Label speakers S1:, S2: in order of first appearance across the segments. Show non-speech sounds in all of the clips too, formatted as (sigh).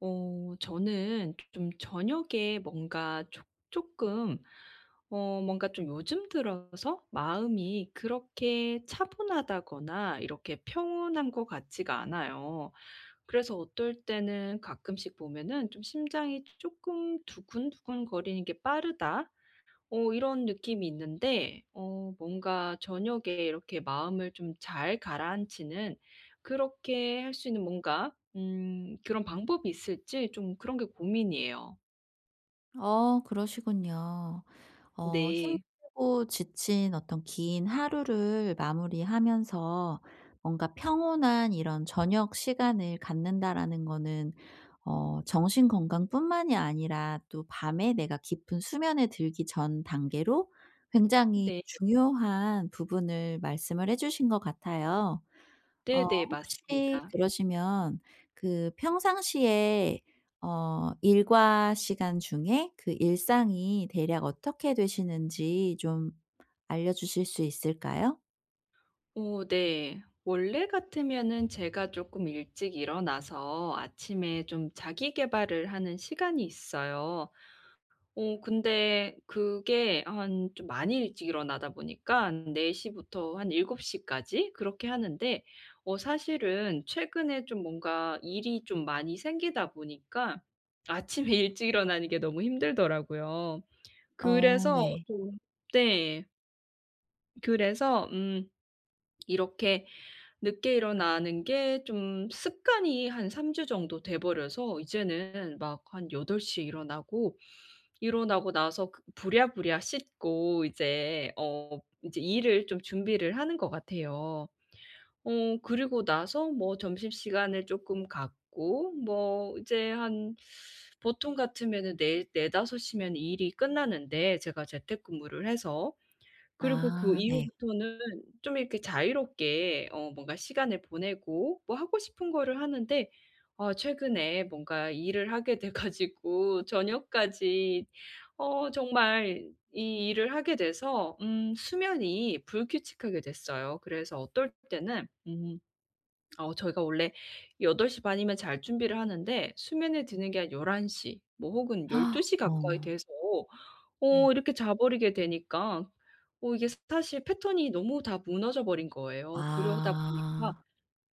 S1: 어 저는 조 좀 저녁에 뭔가 조 쪼끔 어 뭔가 좀 요즘 들어서 마음이 그렇게 차분하다거나 이렇게 평온한 것 같지가 않아요. 그래서 어떨 때는 가끔씩 보면은 좀 심장이 쪼끔 두근두근거리는 게 '빠르다.' 어 이런 느낌이 있는데 어 뭔가 저녁에 이렇게 마음을 좀 잘 가라앉히는 그렇게 할 수 있는 뭔가 음 그런 방법이 있을지 좀 그런 게 고민이에요.
S2: 어 그러시군요. 어
S1: 네.
S2: 힘들고 지친 어떤 긴 하루를 마무리하면서 뭔가 '평온한 이런 저녁 시간을 갖는다.'라는 거는 어 정신 건강뿐만이 아니라 또 밤에 내가 깊은 수면에 들기 전 단계로 굉장히
S1: 네.
S2: 중요한 부분을 말씀을 해 주신 것 같아요. 어
S1: 네네.
S2: 혹시
S1: 맞습니다.
S2: 그러시면 그 평상시에 어 일과 시간 중에 그 일상이 대략 어떻게 되시는지 좀 알려주실 수 있을까요?
S1: 어 네. 원래 같으면은 제가 쪼끔 일찍 일어나서 아침에 좀 자기계발을 하는 시간이 있어요. 어 근데 그게 한 좀 많이 일찍 일어나다 보니깐 4 시부터 한 7 시까지 그렇게 하는데 어 사실은 최근에 좀 뭔가 일이 좀 많이 생기다 보니까 아침에 일찍 일어나는 게 너무 힘들더라고요.
S2: 어
S1: 그래서
S2: 네.
S1: 좀 네. 그래서 음 이렇게 늦게 일어나는 게 좀 습관이 한 3 주 정도 돼 버려서 이제는 막 한 8 시에 일어나고 일어나고 나서 그 부랴부랴 씻고 이제 어 이제 일을 좀 준비를 하는 것 같아요. 어 그러고 나서 뭐 점심시간을 쪼끔 갖고 뭐 이제 한 보통 같으면은 네 4-5 시면 일이 끝나는데 제가 재택근무를 해서. 그리고 그
S2: 아 네.
S1: 이후부터는 좀 이렇게 자유롭게 어 뭔가 시간을 보내고 뭐 하고 싶은 거를 하는데 아 최근에 뭔가 일을 하게 돼 가지고 저녁까지 어 정말 이 일을 하게 돼서 음 수면이 불규칙하게 됐어요. 그래서 어떨 때는 음 어 저희가 원래 8 시 반이면 잘 준비를 하는데 수면에 드는 게 한 11 시 뭐 혹은 12
S2: (gasps)
S1: 시 가까이
S2: 어.
S1: 돼서
S2: 네.
S1: 어 이렇게 자버리게 되니까 어 이게 스타시 패턴이 너무 다 무너져 버린 거예요. 그러다 보니까
S2: 아.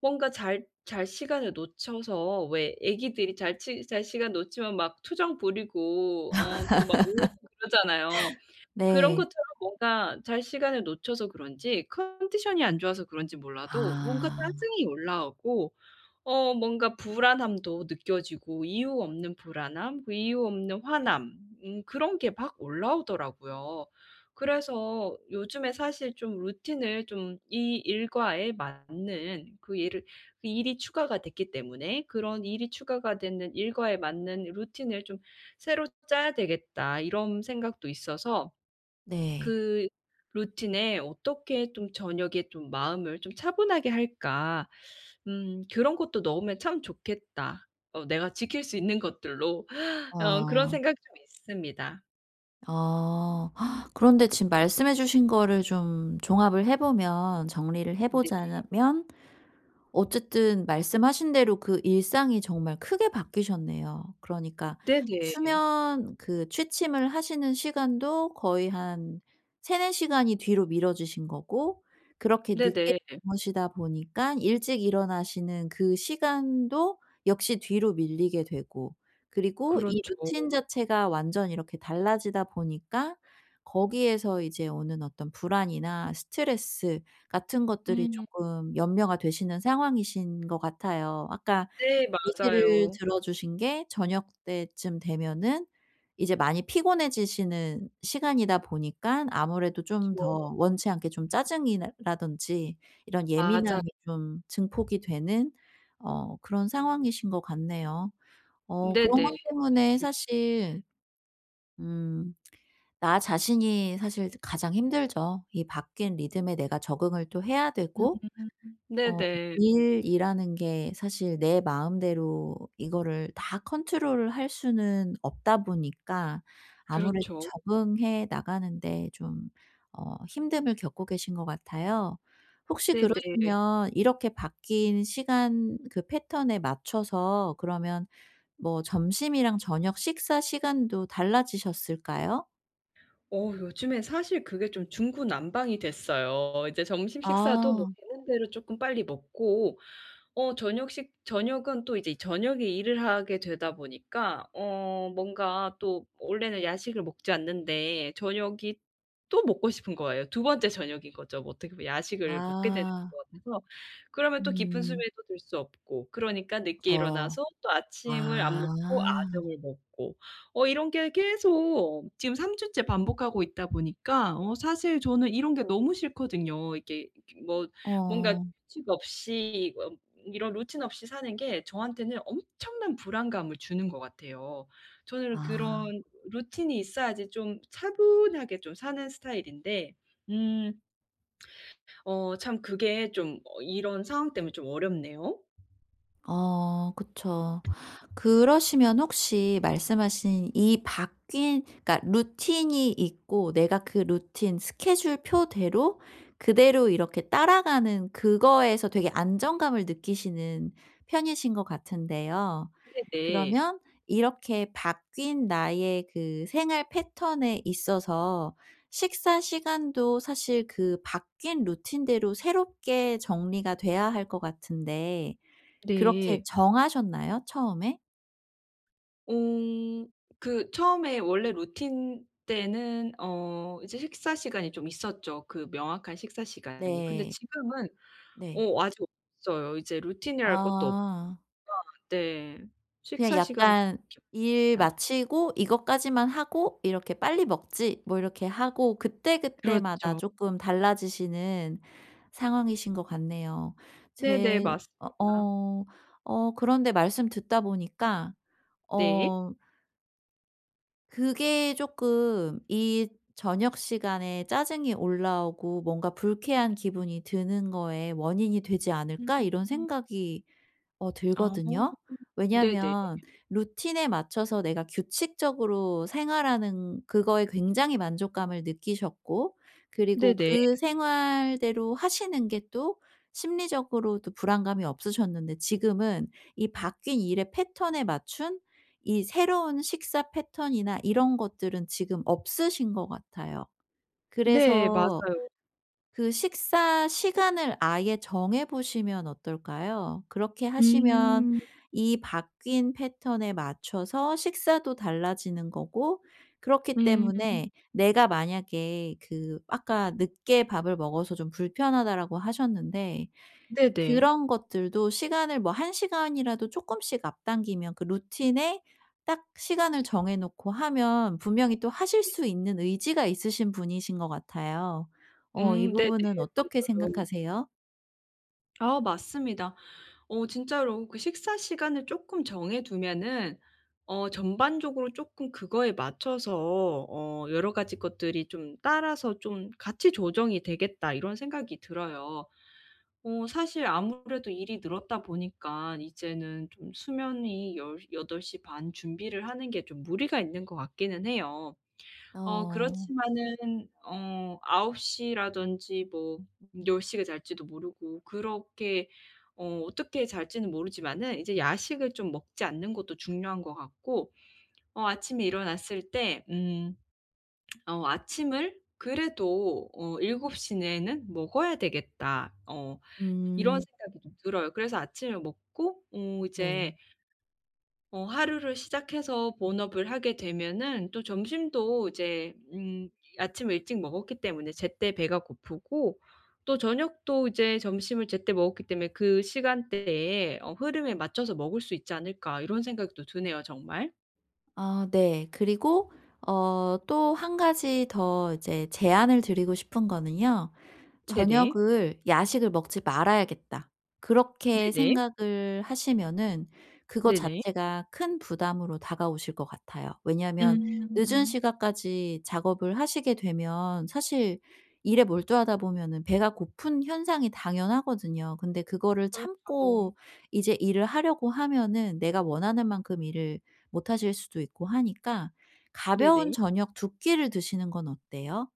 S1: 뭔가 잘 잘 시간을 놓쳐서 왜 애기들이 잘 시 잘 시간 놓치면 막 투정 부리고 어 또 막 울고 그러잖아요.
S2: (laughs)
S1: 그런
S2: 네.
S1: 것처럼 뭔가 잘 시간을 놓쳐서 그런지 컨디션이 안 좋아서 그런지 몰라도 뭔가
S2: 아.
S1: 짜증이 올라오고 어 뭔가 불안함도 느껴지고 이유 없는 불안함, 그 이유 없는 화남 음 그런 게 막 올라오더라고요. 그래서 요즘에 사실 좀 루틴을 좀 이 일과에 맞는 그 일을 일이 추가가 됐기 때문에 '그런 일이 추가가 되는 일과에 맞는 루틴을 좀 새로 짜야 되겠다.' 이런 생각도 있어서
S2: 네.
S1: '그 루틴에 어떻게 좀 저녁에 좀 마음을 좀 차분하게 할까. 음 그런 것도 넣으면 참 좋겠다 어 내가 지킬 수 있는 것들로.' 어 그런
S2: 아.
S1: 생각 좀 있습니다.
S2: 어. 그런데 지금 말씀해 주신 거를 좀 종합을 해 보면 정리를 해 보자
S1: 네네.
S2: 자면 어쨌든 말씀하신 대로 그 일상이 정말 크게 바뀌셨네요. 그러니까
S1: 네네.
S2: 수면 그 취침을 하시는 시간도 거의 한 3-4 시간이 뒤로 미뤄지신 거고 그렇게 늦게
S1: 네네.
S2: 주무시다 보니까 일찍 일어나시는 그 시간도 역시 뒤로 밀리게 되고. 그리고 이
S1: 그렇죠.
S2: 루틴 자체가 완전 이렇게 달라지다 보니까 거기에서 이제 오는 어떤 불안이나 스트레스 같은 것들이
S1: 음.
S2: 쪼끔 염려가 되시는 상황이신 것 같아요. 아까
S1: 네
S2: 예시를
S1: 맞아요.
S2: 들어주신 게 저녁때쯤 되면은 이제 많이 피곤해지시는 시간이다 보니까 아무래도 좀
S1: 그쵸.
S2: 더 원치 않게 좀 짜증이 난다든지 이런
S1: 맞아.
S2: 예민함이 좀 증폭이 되는 어 그런 상황이신 것 같네요. 어 그런 것
S1: 네네.
S2: 때문에
S1: 맞습니다.
S2: 사실 음 나 자신이 사실 가장 힘들죠. 이 바뀐 리듬에 내가 적응을 또 해야
S1: 음
S2: 되고 어
S1: 네네.
S2: 일이라는 게 사실 내 마음대로 이거를 다 컨트롤을 할 수는 없다 보니까 아무래도
S1: 그렇죠.
S2: 적응해 나가는데 좀 어 힘듦을 겪고 계신 것 같아요. 혹시
S1: 네네.
S2: 그러시면 이렇게 바뀐 시간 그 패턴에 맞춰서 그러면 뭐 점심이랑 저녁 식사 시간도 달라지셨을까요?
S1: 어 요즘에 사실 그게 좀 중구난방이 됐어요. 이제 점심 식사도 뭐
S2: 아.
S1: 되는대로 쪼끔 빨리 먹고. 어 저녁 식 저녁은 또 이제 저녁에 일을 하게 되다 보니까 어 뭔가 또 원래는 야식을 먹지 않는데 저녁이 또 먹고 싶은 거예요. 2 번째 저녁인 거죠, 어떻게 보면. 야식을 먹게 되는
S2: 아.
S1: 것 같아서. 그러면 또 깊은
S2: 음.
S1: 수면에 또 들 수 없고 그러니까 늦게
S2: 그쵸.
S1: 일어나서 또 아침을 안
S2: 아.
S1: 먹고 아점을 먹고 어 이런 게 계속 지금 3 주째 반복하고 있다 보니까 어 사실 저는 이런 게 너무 싫거든요. 이게 이렇게 뭔가
S2: 어.
S1: 규칙 없이 어 이런 루틴 없이 사는 게 저한테는 엄청난 불안감을 주는 것 같아요. 저는
S2: 아.
S1: 그런 루틴이 있어야지 좀 차분하게 좀 사는 스타일인데 음 어 참 그게 좀 어 이런 상황때문에 좀 어렵네요.
S2: 어 그쵸. 그러시면 혹시 말씀하신 이 바뀐 그러니까 루틴이 있고 내가 그 루틴 스케줄표대로 그대로 이렇게 따라가는 그거에서 되게 안정감을 느끼시는 편이신 것 같은데요.
S1: 네네.
S2: 그러면 이렇게 바뀐 나의 그 생활 패턴에 있어서 식사 시간도 사실 그 바뀐 루틴대로 새롭게 정리가 돼야 할 것 같은데 그렇게
S1: 네.
S2: 정하셨나요, 처음에?
S1: 음. 그 처음에 원래 루틴 때에는 어 이제 식사 시간이 좀 있었죠 그 명확한 식사 시간이. 근데
S2: 네.
S1: 지금은
S2: 네.
S1: 어 아직 없어요. 이제 루틴이랄 것도 없
S2: 아.
S1: (unintelligible) 네.
S2: 그냥
S1: 식사 시간도
S2: 약간 '일
S1: (unintelligible)
S2: 마치고 이것까지만 하고 이렇게 빨리 먹지.' 뭐 이렇게 하고 그때그때마다
S1: 그렇죠.
S2: 조금 달라지시는 상황이신 것 같네요.
S1: 네네
S2: 제 어
S1: 맞습니다.
S2: 어 어 그런데 말씀 듣다 보니까
S1: 네.
S2: 어 그게 조금 '이 저녁 시간에 짜증이 올라오고 뭔가 불쾌한 기분이 드는 거의 원인이 되지 않을까?' 이런
S1: 음.
S2: 생각이 어
S1: 아
S2: 들거든요.
S1: 네네.
S2: 왜냐하면 루틴에 맞춰서 내가 규칙적으로 생활하는 그거에 굉장히 만족감을 느끼셨고 그리고
S1: 네네.
S2: 그 생활대로 하시는 게 또 심리적으로도 불안감이 없으셨는데 지금은 이 바뀐 일의 패턴에 맞춘 이 새로운 식사 패턴이나 이런 것들은 지금 없으신 것 같아요.
S1: 네
S2: 그래서
S1: 맞아요.
S2: 그 식사 시간을 아예 정해 보시면 어떨까요? 그렇게 하시면
S1: 음.
S2: 이 바뀐 패턴에 맞춰서 식사도 달라지는 거고. 그렇기
S1: 음.
S2: 때문에 내가 만약에 그 아까 늦게 밥을 먹어서 좀 불편하다라고 하셨는데
S1: 네네.
S2: 그런 것들도 시간을 뭐 1 시간이라도 조금씩 앞당기면 그 루틴에 딱 시간을 정해 놓고 하면 분명히 또 하실
S1: 네.
S2: 수 있는 의지가 있으신 분이신 것 같아요. 어 이
S1: 음 네네.
S2: 부분은 어떻게
S1: 맞아요.
S2: 생각하세요?
S1: 아 맞습니다. 어 진짜로 그 식사 시간을 쪼끔 정해 두면은 어 전반적으로 쪼끔 그거에 맞춰서 어 '여러 가지 것들이 좀 따라서 좀 같이 조정이 되겠다.' 이런 생각이 들어요. 어 사실 아무래도 일이 늘었다 보니까 이제는 좀 수면이 10 8 시 반 준비를 하는 게 좀 무리가 있는 것 같기는 해요. 어
S2: 어.
S1: 그렇지만은 어 9 시라든지 뭐 10 시에 잘지도 모르고. 그렇게 어 어떻게 잘지는 모르지만은 이제 야식을 좀 먹지 않는 것도 중요한 것 같고 어 아침에 일어났을 때 음 어 '아침을 그래도 어 7 시 내에는 먹어야 되겠다.' 어 이런
S2: 음.
S1: 생각이 좀 들어요. 그래서 아침을 먹고 어
S2: 네.
S1: 어제 ...어 하루를 시작해서 본업을 하게 되면은 또 점심도 이제 음 아침 일찍 먹었기 때문에 제때 배가 고프고 또 저녁도 이제 점심을 제때 먹었기 때문에 '그 시간대에 어 흐름에 맞춰서 먹을 수 있지 않을까.' 이런 생각도 드네요 정말.
S2: 아 네. 그리고 어 또 1 가지 더 이제 제안을 드리고 싶은 거는요.
S1: 네네.
S2: '저녁을 야식을 먹지 말아야겠다.' 그렇게
S1: 네네.
S2: 생각을 하시면은 그거
S1: 네네.
S2: 자체가 큰 부담으로 다가오실 것 같아요. 왜냐하면 늦은
S1: 음.
S2: 시간 까지 작업을 하시게 되면 사실 일에 몰두하다 보면은 배가 고픈 현상이 당연하거든요. 근데 그거를 참고
S1: 그렇죠.
S2: 이제 일을 하려고 하면은 내가 원하는 만큼 일을 못 하실 수도 있고 하니까 가벼운
S1: 네네.
S2: 저녁 2 끼를 드시는 건 어때요?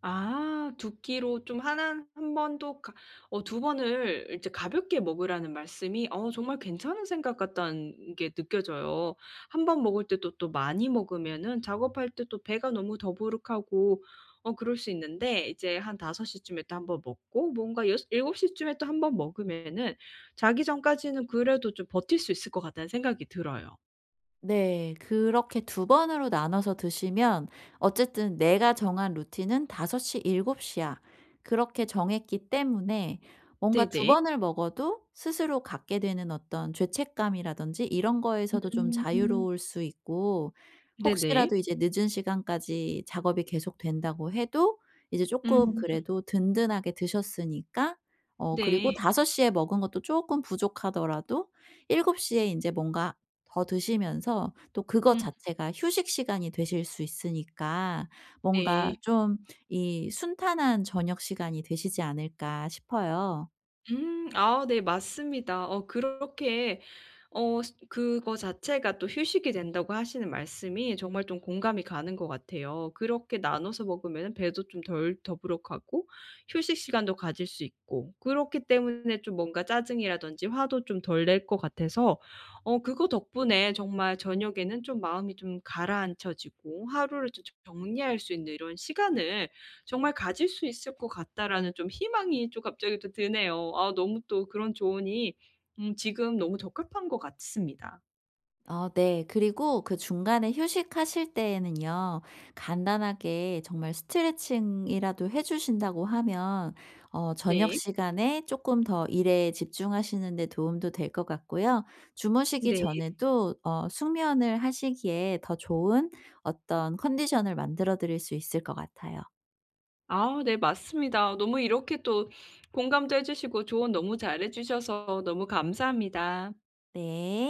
S1: 아. 2 끼로 좀 하난 한 번도 그러니까 어 2 번을 이제 가볍게 먹으라는 말씀이 어 정말 괜찮은 생각 같다는 게 느껴져요. 1 번 먹을 때도 또 많이 먹으면은 작업할 때 또 배가 너무 더부룩하고 어 그럴 수 있는데. 이제 한 5 시쯤에 또 1 번 먹고 뭔가 여서 7 시쯤에 또 1 번 먹으면은 자기 전까지는 그래도 좀 버틸 수 있을 것 같다는 생각이 들어요.
S2: 네. 그렇게 2 번으로 나눠서 드시면 어쨌든 내가 정한 루틴은 '5 시, 7 시야.' 그렇게 정했기 때문에 뭔가 2
S1: 네네.
S2: 번을 먹어도 스스로 갖게 되는 어떤 죄책감이라든지 이런 거에서도 좀
S1: 음.
S2: 자유로울 수 있고.
S1: 네네.
S2: 혹시라도 이제 늦은 시간까지 작업이 계속된다고 해도 이제 쪼끔
S1: 음.
S2: 그래도 든든하게 드셨으니까 어 그리고
S1: 네.
S2: 5 시에 먹은 것도 쪼끔 부족하더라도 7 시에 인제 뭔가 더 드시면서 또 그것
S1: 음.
S2: 자체가 휴식 시간이 되실 수 있으니까
S1: 네.
S2: 뭔가 좀 이 '순탄한 저녁 시간이 되시지 않을까.' 싶어요.
S1: 음. 아우 네 맞습니다. 어 그렇게 어 스 그거 자체가 또 휴식이 된다고 하시는 말씀이 정말 좀 공감이 가는 것 같아요. 그렇게 나눠서 먹으면은 배도 좀 덜 더부룩하고 휴식 시간도 가질 수 있고. 그렇기 때문에 좀 뭔가 짜증이라든지 화도 좀 덜 낼 것 같아서 어 그거 덕분에 정말 저녁에는 좀 마음이 좀 가라앉혀지고 하루를 조 좀 저 정리할 수 있는 이런 시간을 정말 가질 수 있을 것 같다라는 좀 희망이 좀 갑자기 또 드네요. 아 너무 또 그런 조언이 음 지금 너무 적합한 것 같습니다.
S2: 어 네. 그리고 그 중간에 휴식하실 때에는요 간단하게 정말 스트레칭이라도 해 주신다고 하면 어 저녁
S1: 네.
S2: 시간에 조금 더 일에 집중하시는 데 도움도 될 것 같고요. 주무시기
S1: 네.
S2: 전에도 어 숙면을 하시기에 더 좋은 어떤 컨디션을 만들어 드릴 수 있을 것 같아요.
S1: 아우 네 맞습니다. 너무 이렇게 또 공감도 해 주시고 조언 너무 잘 해 주셔서 너무 감사합니다.
S2: 네.